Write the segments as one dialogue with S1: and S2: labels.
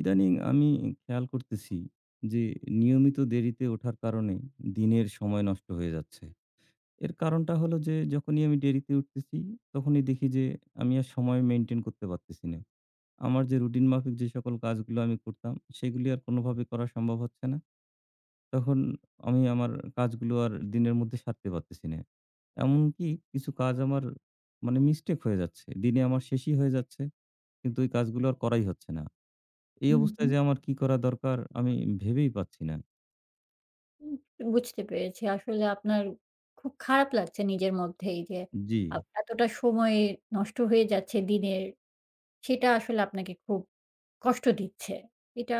S1: ইদানিং আমি খেয়াল করতেছি যে, নিয়মিত দেরিতে ওঠার কারণে দিনের সময় নষ্ট হয়ে যাচ্ছে। এর কারণটা হলো যে যখনই আমি দেরিতে উঠতেছি, তখনই দেখি যে আমি আর সময় maintain করতে পারতেছি না। আমার যে রুটিন মাফিক যে সকল কাজগুলো আমি করতাম, সেগুলী আর কোনোভাবে করা সম্ভব হচ্ছে না। তখন আমি আমার কাজগুলো আর দিনের মধ্যে সারতে পারতেছি না। এমনকি কিছু কাজ আমার মানে mistake হয়ে যাচ্ছে। দিনে আমার শেষই হয়ে যাচ্ছে। কিন্তু ঐ কাজগুলো আর করাই হচ্ছে না। এই
S2: হুম,
S1: অবস্থায়
S2: হুম।
S1: যে আমার কি করা দরকার আমি ভেবেই পাচ্ছি না।
S2: উম বুঝতে পেরেছি। আসলে আপনার খুব খারাপ লাগছে নিজের মধ্যেই যে, আ
S1: জি।
S2: এতটা সময় নষ্ট হয়ে যাচ্ছে দিনের, সেটা আসলে আপনাকে খুব কষ্ট দিচ্ছে। এটা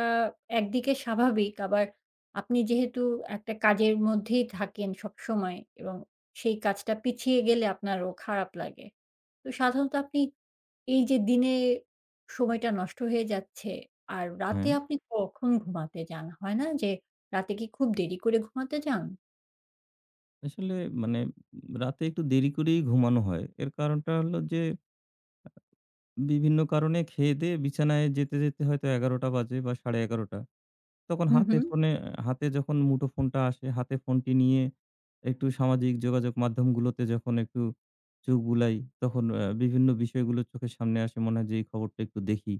S2: একদিকে স্বাভাবিক, আবার আপনি যেহেতু একটা কাজের মধ্যেই থাকেন সবসময় এবং সেই কাজটা পিছিয়ে গেলে আপনারও খারাপ লাগে। তো সাধারণত আপনি এই যে দিনে সময়টা নষ্ট হয়ে যাচ্ছে আর রাতে
S1: হ্যাঁ।
S2: আপনি কখন ঘুমাতে যান? হয়না যে রাতে কি খুব দেরি করে ঘুমাতে যান?
S1: আসলে মানে উম রাতে একটু দেরি করেই ঘুমানো হয়। এর কারণটা হলো যে আ বিভিন্ন কারণে খেয়ে-দেয়ে বিছানায় যেতে, যেতে হয়তো ১১ঃ০০ বাজে বা, ১১ঃ৩০। তখন
S2: হু,
S1: হাতে
S2: হুম।
S1: ফোনে হাতে যখন মুঠো ফোনটা আসে, হাতে ফোনটি নিয়ে একটু সামাজিক যোগাযোগ মাধ্যমগুলোতে যখন একটু চোখ বুলাই তখন এ বিভিন্ন বিষয়গুলো চোখের সামনে আসে। মনে হয় যে এই খবরটা একটু দেখি।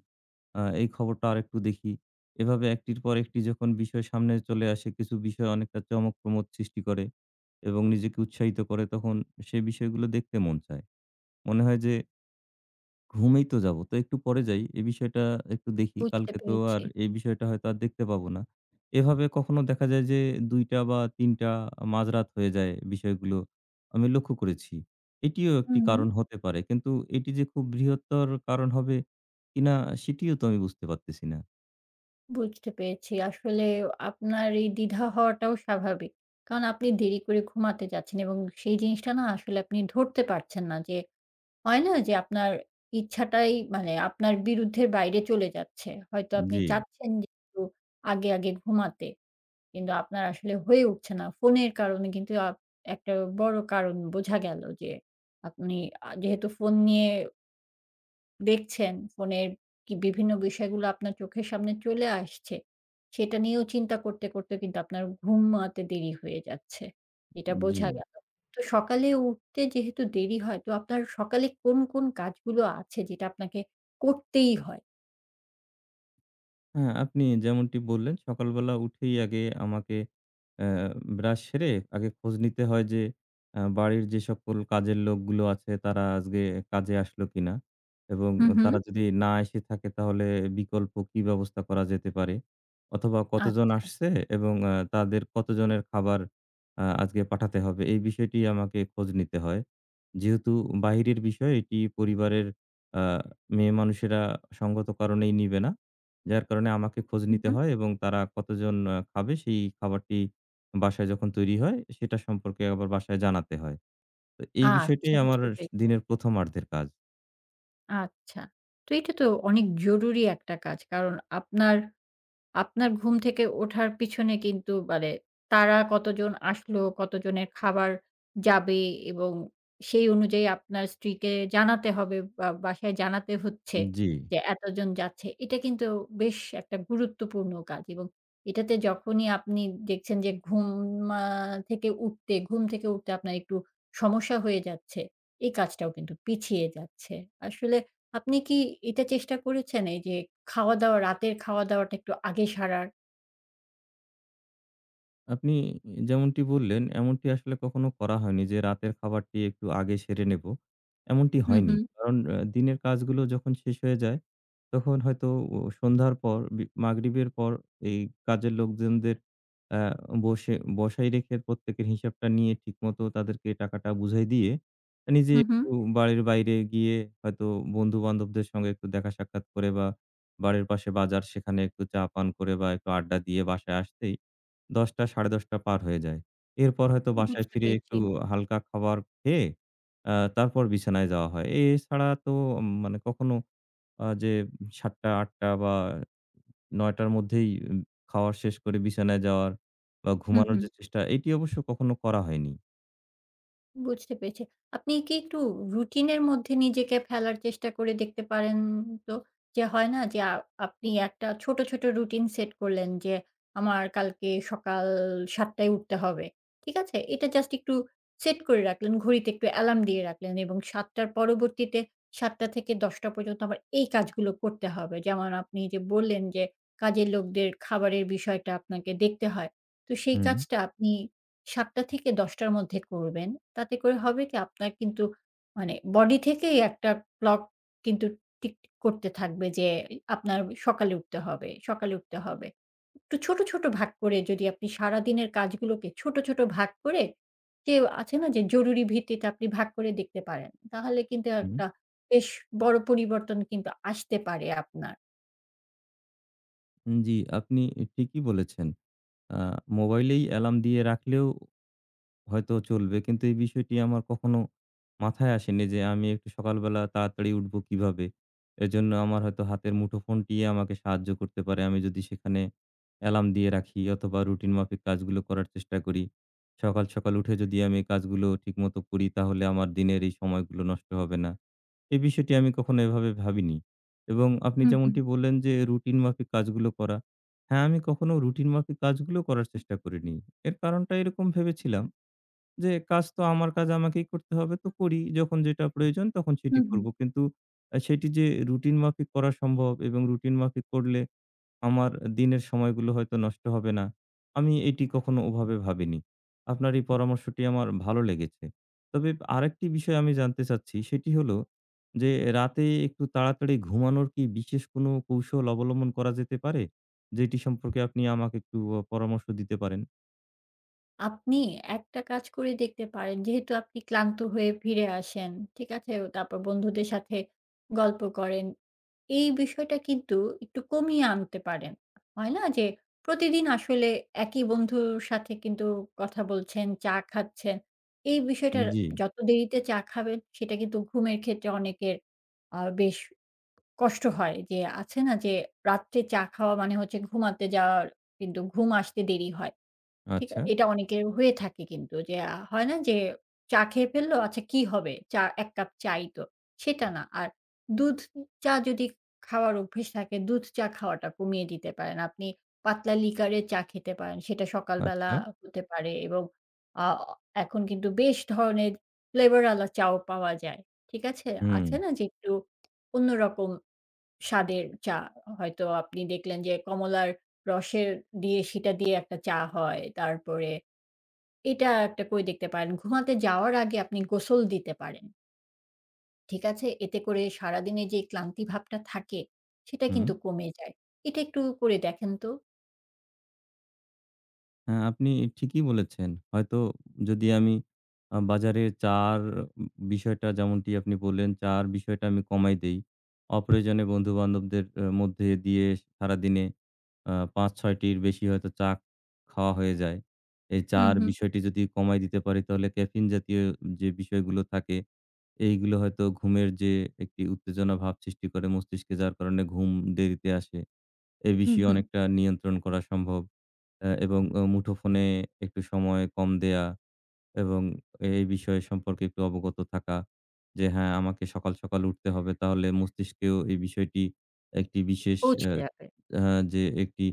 S1: আ এই খবরটা আরেকটু দেখি। এভাবে ১ টির পর একটি যখন বিষয় সামনে চলে আসে, কিছু বিষয় অনেকটা চমক, প্রমোদ সৃষ্টি করে এবং নিজেকে উৎসাহিত করে। তখন সে বিষয়গুলো দেখতে মন চায়। মনে হয় যে "ঘুমিয়েই তো যাব। তো একটু পরে যাই, এই বিষয়টা আর একটু দেখি।
S2: বুঝতে
S1: কালকে তো
S2: পেরেছি।
S1: আর এই বিষয়টা হয়তো আর দেখতে পাবো না।" এভাবে কখনো দেখা যায় যে ২:০০ বা, ৩:০০ আ মাঝরাত হয়ে যায়। বিষয়গুলো আমি লক্ষ্য করেছি। এটিও একটি কারণ
S2: হুম।
S1: হতে পারে। কিন্তু এটি যে খুব বৃহত্তর কারণ হবে কিনা? সেটিও তো আমি বুঝতে পারতেছি না।
S2: বুঝতে পেরেছি। আসলে আপনার এই দ্বিধা হওয়াটাও স্বাভাবিক। কারণ আপনি দেরি করে ঘুমাতে যাচ্ছেন এবং সেই জিনিসটা না আসলে আপনি ধরতে পারছেন না যে, হয় না যে, আপনার ইচ্ছাটাই মানে আপনার বিরুদ্ধের বাইরে চলে যাচ্ছে। হয়তো আপনি
S1: জ্বী।
S2: চাচ্ছেন যে একটু আগে, আগে ঘুমাতে, কিন্তু আপনার আসলে হয়ে উঠছে না। ফোনের কারণে কিন্তু আপ একটা বড় কারণ বোঝা গেল যে আপনি আ যেহেতু ফোন নিয়ে দেখছেন, ফোনের কি বিভিন্ন বিষয়গুলো আপনার চোখের সামনে চলে আসছে, সেটা নিয়েও চিন্তা করতে, করতে কিন্তু আপনার ঘুমাতে দেরি হয়ে যাচ্ছে। এটা বোঝা
S1: জি।
S2: গেলো। তো সকালে উঠতে যেহেতু দেরি হয় তো আপনার সকালে কোন, কোন কাজগুলো আছে যেটা আপনাকে করতেই হয়?
S1: হ্যাঁ, আপনি যেমনটি বললেন সকালবেলা উঠেই আগে আমাকে অ্যা ব্রাশ সেরে আগে খোঁজ নিতে হয় যে অ্যা বাড়ির যে সকল কাজের লোকগুলো আছে তারা আজকে কাজে আসলো কিনা। এবং
S2: হুম,
S1: তারা
S2: হুম।
S1: যদি না এসে থাকে তাহলে বিকল্প কি ব্যবস্থা করা যেতে পারে। অথবা কতজন
S2: আচ্ছা।
S1: আসছে এবং আ তাদের কতজনের খাবার আ আজকে পাঠাতে হবে, এই বিষয়টি আমাকে খোঁজ নিতে হয়। যেহেতু বাহিরের বিষয় এটি পরিবারের আ মেয়ে মানুষেরা সঙ্গত কারণেই নিবে না। যার কারণে আমাকে খোঁজ
S2: হুম,
S1: নিতে
S2: হুম।
S1: হয় এবং তারা কতজন আ খাবে, সেই খাবারটি বাসায় যখন তৈরি হয় সেটা সম্পর্কে আবার বাসায় জানাতে হয়। তো এই বিষয়টি
S2: আচ্ছা
S1: আমার
S2: বুঝতে
S1: স
S2: পেরেছি।
S1: দিনের ১ম আর্ধের কাজ।
S2: আচ্ছা, তো এটা তো অনেক জরুরি একটা কাজ। কারণ আপনার, আপনার ঘুম থেকে ওঠার পিছনে কিন্তু মানে তারা কতজন আসলো, কত জনের খাবার যাবে, এবং সেই অনুযায়ী আপনার স্ত্রীকে জানাতে হবে বা বাসায় জানাতে হচ্ছে
S1: জি।
S2: যে এতজন যাচ্ছে। এটা কিন্তু বেশ একটা গুরুত্বপূর্ণ কাজ। এবং এটাতে যখনই আপনি দেখছেন যে ঘুম আ থেকে উঠতে, ঘুম থেকে উঠতে আপনার একটু সমস্যা হয়ে যাচ্ছে, এই কাজটাও কিন্তু পিছিয়ে যাচ্ছে। আসলে আপনি কি এটা চেষ্টা করেছেন এই যে খাওয়া-দাওয়া, রাতের খাওয়া-দাওয়াটা একটু আগে সারার?
S1: আপনি যেমনটি বললেন, এমনটি আসলে কখনো করা হয়নি যে রাতের খাবারটি একটু আগে সেরে নেব। এমনটি
S2: হুম,
S1: হয়নি।
S2: হুম।
S1: কারণ অ্যা দিনের কাজগুলো যখন শেষ হয়ে যায়, তখন হয়তো ও সন্ধ্যার পর, বি মাগরিবের পর এই কাজের লোকজনদের অ্যা বসে বসায় রেখে প্রত্যেকের হিসাবটা নিয়ে ঠিকমতো তাদেরকে টাকাটা বুঝাই দিয়ে, নিজে
S2: হুম, হুম।
S1: একটু বাড়ির বাইরে গিয়ে হয়তো বন্ধু-বান্ধবদের সঙ্গে একটু দেখা সাক্ষাৎ করে, বা বাড়ির পাশে বাজার, সেখানে একটু চা পান করে বা একটু আড্ডা দিয়ে বাসায় আসতেই ১০ঃ০০, ১০.৩০ পার হয়ে যায়। এরপর হয়তো বাসায়
S2: বুঝতে
S1: ফিরে
S2: পেরেছি।
S1: একটু হালকা খাবার খেয়ে, আ তারপর বিছানায় যাওয়া হয়। এছাড়া তো মানে কখনো আ যে ৭ঃ০০, ৮ঃ০০ বা ৯ঃ০০ মধ্যেই খাওয়া শেষ করে বিছানায় যাওয়ার বা
S2: হুম,
S1: ঘুমানোর
S2: হুম।
S1: যে চেষ্টা, এটি অবশ্য কখনো করা হয়নি।
S2: বুঝতে পেরেছি। আপনি কি একটু রুটিনের মধ্যে নিজেকে ফেলার চেষ্টা করে দেখতে পারেন? তো যে হয় না যে আপনি একটা ছোট, ছোট রুটিন সেট করলেন যে আমার কালকে সকাল ৭ঃ০০ উঠতে হবে। ঠিক আছে? এটা just একটু set করে রাখলেন। ঘড়িতে একটু অ্যালার্ম দিয়ে রাখলেন এবং ৭ঃ০০ পরবর্তীতে ৭ঃ০০ - ১০ঃ০০ পর্যন্ত আমার এই কাজগুলো করতে হবে। যেমন আপনি যে বললেন যে কাজের লোকদের খাবারের বিষয়টা আপনাকে দেখতে হয়। তো সেই
S1: হুম।
S2: কাজটা আপনি ৭ঃ০০ - ১০ঃ০০ মধ্যে করবেন। তাতে করে হবে কি, আপনার কিন্তু মানে body থেকেই একটা clock কিন্তু টিক, টিক করতে থাকবে যে আপনার সকালে উঠতে হবে, সকালে উঠতে হবে। একটু ছোট, ছোট ভাগ করে যদি আপনি সারাদিনের কাজগুলোকে ছোট, ছোট ভাগ করে, যে আছে না যে জরুরি ভিত্তিতে আপনি ভাগ করে দেখতে পারেন। তাহলে কিন্তু
S1: হুম।
S2: একটা বেশ বড় পরিবর্তন কিন্তু আসতে পারে আপনার।
S1: উম জি। আপনি ই ঠিকই বলেছেন। আ মোবাইলেই অ্যালার্ম দিয়ে রাখলেও হয়তো চলবে। কিন্তু এই বিষয়টি আমার কখনো মাথায় আসেনি যে আমি একটু সকালবেলা তাড়াতাড়ি উঠবো কিভাবে। এজন্য আমার হয়তো হাতের মুঠোফোনটিই আমাকে সাহায্য করতে পারে। আমি যদি সেখানে অ্যালার্ম দিয়ে রাখি অথবা, রুটিন মাফিক কাজগুলো করার চেষ্টা করি। সকাল, সকাল উঠে যদি আমি এই কাজগুলো ঠিক মতো করি, তাহলে আমার দিনের এই সময়গুলো নষ্ট হবে না। এ বিষয়টি আমি কখনো এভাবে ভাবিনি। এবং আপনি
S2: হুম, হুম।
S1: যেমনটি বললেন যে, "রুটিন মাফিক কাজগুলো করা।" হ্যাঁ, আমি কখনো রুটিন মাফিক কাজগুলো করার চেষ্টা করিনি। এর কারণটা এরকম ভেবেছিলাম যে, "কাজ তো আমার কাজ আমাকেই করতে হবে, তো করি। যখন যেটা প্রয়োজন, তখন সেটি
S2: হুম, হুম।
S1: করবো।" কিন্তু অ্যা সেটি যে রুটিনমাফিক করা সম্ভব এবং রুটিনমাফিক করলে আমার এ দিনের সময়গুলো হয়তো নষ্ট হবে না। আমি এটি কখনো ওভাবে ভাবিনি। আপনার এই পরামর্শটি আমার ভালো লেগেছে। তবে আরেকটি বিষয় আমি জানতে চাচ্ছি। সেটি হলো যে, রাতে একটু তাড়াতাড়ি ঘুমানোর কি বিশেষ কোনো কৌশল অবলম্বন করা যেতে পারে? যেটি সম্পর্কে আপনি আমাকে একটু অ পরামর্শ দিতে পারেন।
S2: আপনি একটা কাজ করে দেখতে পারেন, যেহেতু আপনি ক্লান্ত হয়ে ফিরে আসেন, ঠিক আছে? ও তারপর বন্ধুদের সাথে গল্প করেন। এই বিষয়টা কিন্তু একটু কমিয়ে আনতে পারেন। হয়না যে, প্রতিদিন আসলে একই বন্ধুর সাথে কিন্তু কথা বলছেন, চা খাচ্ছেন। এই
S1: হুম,
S2: বিষয়টার
S1: জি।
S2: যত দেরিতে চা খাবেন, সেটা কিন্তু ঘুমের ক্ষেত্রে অনেকের আ বেশ কষ্ট হয়। যে আছে না যে, রাত্রে চা খাওয়া মানে হচ্ছে ঘুমাতে যাওয়ার কিন্তু ঘুম আসতে দেরি হয়। ঠিক আ
S1: আচ্ছা?
S2: এটা অনেকের হয়ে থাকে কিন্তু। যে আ হয় না যে চা খেয়ে ফেললো, আচ্ছা কি হবে? চা এক কাপ চাই তো। সেটা না। আর দুধ উ চা যদি খাওয়ার অভ্যেস থাকে, দুধ চা খাওয়াটা কমিয়ে দিতে পারেন। আপনি পাতলা লিকারের চা খেতে পারেন। সেটা সকালবেলা
S1: আচ্ছা।
S2: আ হতে পারে এবং আঅ এখন কিন্তু বেশ ধরনের ফ্লেভারওয়ালা চাও পাওয়া যায়, ঠিক আছে? আছে
S1: হুম।
S2: না যে, একটু অন্যরকম স্বাদের চা। হ হয়তো আপনি দেখলেন যে, কমলার রসের দিয়ে সেটা দিয়ে একটা চা হয়। তারপরে এটা একটা করে দেখতে পারেন, ঘুমাতে যাওয়ার আগে আপনি গোসল দিতে পারেন। ঠিক আছে? এতে করে সারাদিনের যে ক্লান্তি ভাবটা থাকে, সেটা
S1: হুম।
S2: কিন্তু কমে যায়। এটা একটু করে দেখেন তো।
S1: হ্যাঁ, আপনি এ ঠিকই বলেছেন। হয়তো উ যদি আমি আ বাজারে জাওার উ উম বিষয়টা যেমনটি আপনি বললেন জাওার বিষয়টা আমি কমাই দেই, অপ্রয়োজনে বন্ধুবান্ধবদের আ মধ্যে দিয়ে সারাদিনে আ ৫-৬ টির বেশি হয়তো চা খাওয়া হয়ে যায়। এই
S2: হুম,
S1: চার
S2: হুম।
S1: বিষয়টি যদি কমায় দিতে পারি, তাহলে ক্যাফেইন জাতীয় যে বিষয়গুলো থাকে, এইগুলো হয়তো ঘুমের যে একটি উত্তেজনাভাব সৃষ্টি করে মস্তিষ্কে, যার কারণে ঘুম দেরিতে আসে। এ
S2: হুম,
S1: বিষয়ে
S2: হুম।
S1: অনেকটা নিয়ন্ত্রণ করা সম্ভব। অ্যা এবং ও মুঠোফোনে একটু সময় কম দেয়া এবং এই বিষয় সম্পর্কে একটু অবগত থাকা যে, হ্যাঁ, আমাকে সকাল, সকাল উঠতে হবে। তাহলে মস্তিষ্কেও এই বিষয়টি একটি বিশেষ
S2: পৌঁছে
S1: অ্যা
S2: যাবে।
S1: হ্যাঁ, যে একটি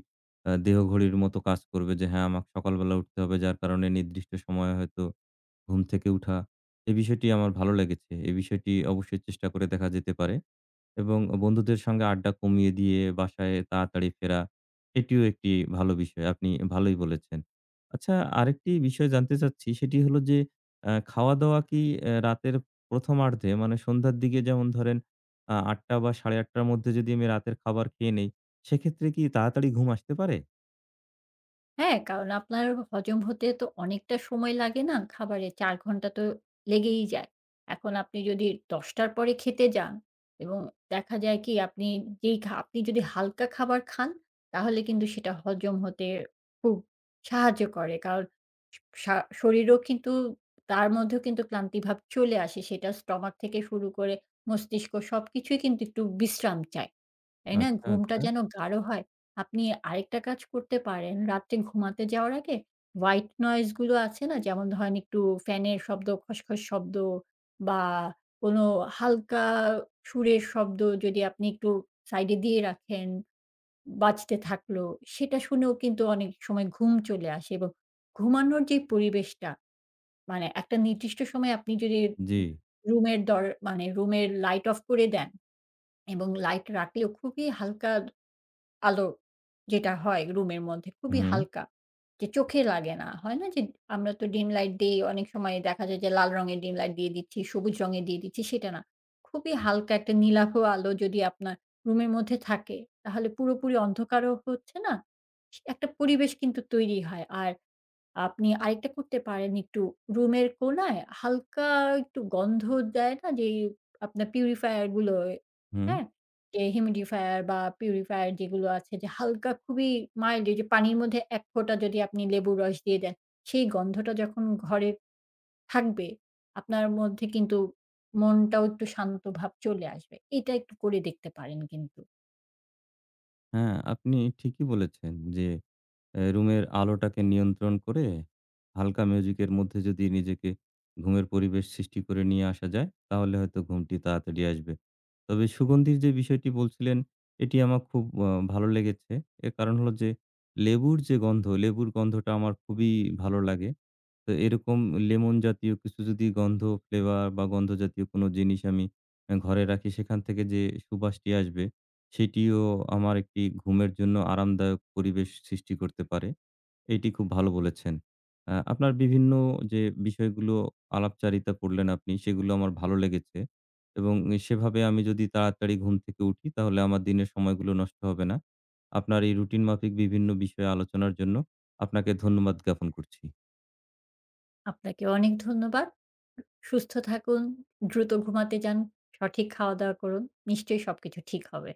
S1: আ দেহঘড়ির মতো কাজ করবে যে, হ্যাঁ, আমাকে সকালবেলা উঠতে হবে। যার কারণে নির্দিষ্ট সময়ে হয়তো ঘুম থেকে উঠা। এই বিষয়টি আমার ভালো লেগেছে। এই বিষয়টি অবশ্যই চেষ্টা করে দেখা যেতে পারে। এবং অ বন্ধুদের সংগে আড্ডা কমিয়ে দিয়ে বাসায় তাড়াতাড়ি ফেরা। এটিও একটি ভালো বিষয়। আপনি এ ভালোই বলেছেন। আচ্ছা আরেকটি বিষয় জানতে চাচ্ছি। সেটি হলো যে, অ্যা খাওয়া-দাওয়া কি অ্যা রাতের প্রথমার্ধে মানে সন্ধ্যার দিকে যেমন ধরেন আ ৮ঃ০০ বা, ৮ঃ৩০ র মধ্যে যদি আমি রাতের খাবার খেয়ে নেই, সেইক্ষেত্রে কি তাড়াতাড়ি ঘুম আসতে পারে?
S2: হ্যাঁ, কারণ আপনার হ হজম হতে তো অনেকটা সময় লাগে না, খাবারে ৪ ঘণ্টা তো লেগেই যায়। এখন আপনি যদি ১০:০০ র পরে খেতে যান এবং দেখা যায় কি? আপনি যেই খা আপনি যদি হালকা খাবার খান, তাহলে কিন্তু সেটা হজম হতে খুব সাহায্য করে। কারণ, সা সা শরীরও কিন্তু তার মধ্যেও কিন্তু ক্লান্তিভাব চলে আসে। সেটা স্টোমাক থেকে শুরু করে মস্তিষ্ক, সবকিছুই কিন্তু একটু বিশ্রাম চায়। তাই না?
S1: আচ্ছা,
S2: ঘুমটা
S1: আচ্ছা।
S2: যেন গাঢ় হয়। আপনি আরেকটা কাজ করতে পারেন। রাত্রে ঘুমাতে যাওয়ার আগে white noise গুলো আছে না? যেমন ধরেন একটু ফ্যানের শব্দ, খস, খস শব্দ বা, কোনো হালকা সুরের শব্দ যদি আপনি একটু সাইডে দিয়ে রাখেন, বাজতে থাকলো। সেটা শুনেও কিন্তু অনেক সময় ঘুম চলে আসে। এবং ঘুমানোর যে পরিবেশটা, মানে একটা নির্দিষ্ট সময় আপনি যদি উ
S1: জ্বি।
S2: রুমের দর মানে রুমের লাইট অফ করে দেন। এবং লাইট রাখলেও খুবই হালকা আদ আলো যেটা হয় রুমের মধ্যে, খুবই
S1: হুম।
S2: হালকা, যে চোখে লাগে না। হয় না? যে আমরা তো ডিম লাইট দেই। অনেক সময় দেখা যায় যে লাল রঙের ডিম লাইট দিয়ে দিচ্ছি, সবুজ রঙের দিয়ে দিচ্ছি, সেটা না। খুবই হালকা একটা নীলাভ আলো যদি আপনার রুমের মধ্যে থাকে, তাহলে পুরোপুরি অন্ধকারও হচ্ছে না। ইস একটা পরিবেশ কিন্তু তৈরি হয়। আর আপনি আরেকটা করতে পারেন, একটু রুমের কোণায় হালকা একটু গন্ধ দেয় না? যেই আপনার purifier গুলো, এ
S1: হুম।
S2: হ্যাঁ? যে humidfier বা, purifier যেগুলো আছে, যে হালকা খুবই mild এইযে পানির মধ্যে এক ফোঁটা যদি আপনি লেবুর রস দিয়ে দেন, সেই গন্ধটা যখন ঘরে থাকবে, আপনার মধ্যে কিন্তু মনটাও একটু শান্তভাব চলে আসবে। এটা একটু করে দেখতে পারেন কিন্তু।
S1: হ্যাঁ, আপনি ঠিকই বলেছেন যে, অ্যা রুমের আলোটাকে নিয়ন্ত্রণ করে, হালকা মিউজিকের মধ্যে যদি নিজেকে ঘুমের পরিবেশ সৃষ্টি করে নিয়ে আসা যায়, তাহলে হয়তো ঘুমটি তাড়াতাড়ি আসবে। তবে সুগন্ধির যে বিষয়টি বলছিলেন এটি আমার খুব আ ভালো লেগেছে। এর কারণ হলো যে, লেবুর যে গন্ধ, লেবুর গন্ধটা আমার খুবই ভালো লাগে। তো এরকম লেমন জাতীয় কিছু যদি গন্ধ, ফ্লেভার বা গন্ধ জাতীয় কোনো জিনিস আমি ঘরে রাখি সেখান থেকে যে সুবাসটি আসবে, সেটিও আমার একটি ঘুমের জন্য আরামদায়ক পরিবেশ সৃষ্টি করতে পারে। এটি খুব ভালো বলেছেন। আ আপনার বিভিন্ন যে বিষয়গুলো আলাপচারিতা করলেন আপনি সেগুলো আমার ভালো লেগেছে। এবং সেভাবে আমি যদি তাড়াতাড়ি ঘুম থেকে উঠি, তাহলে আমার দিনের সময়গুলো নষ্ট হবে না। আপনার এই রুটিন মাফিক বিভিন্ন বিষয়ে আলোচনার জন্য আপনাকে ধন্যবাদ জ্ঞাপন করছি।
S2: আপনাকেও অনেক ধন্যবাদ। সুস্থ থাকুন, দ্রুত ঘুমাতে যান, সঠিক খাওয়া-দাওয়া করুন, নিশ্চয়ই সবকিছু ঠিক হবে।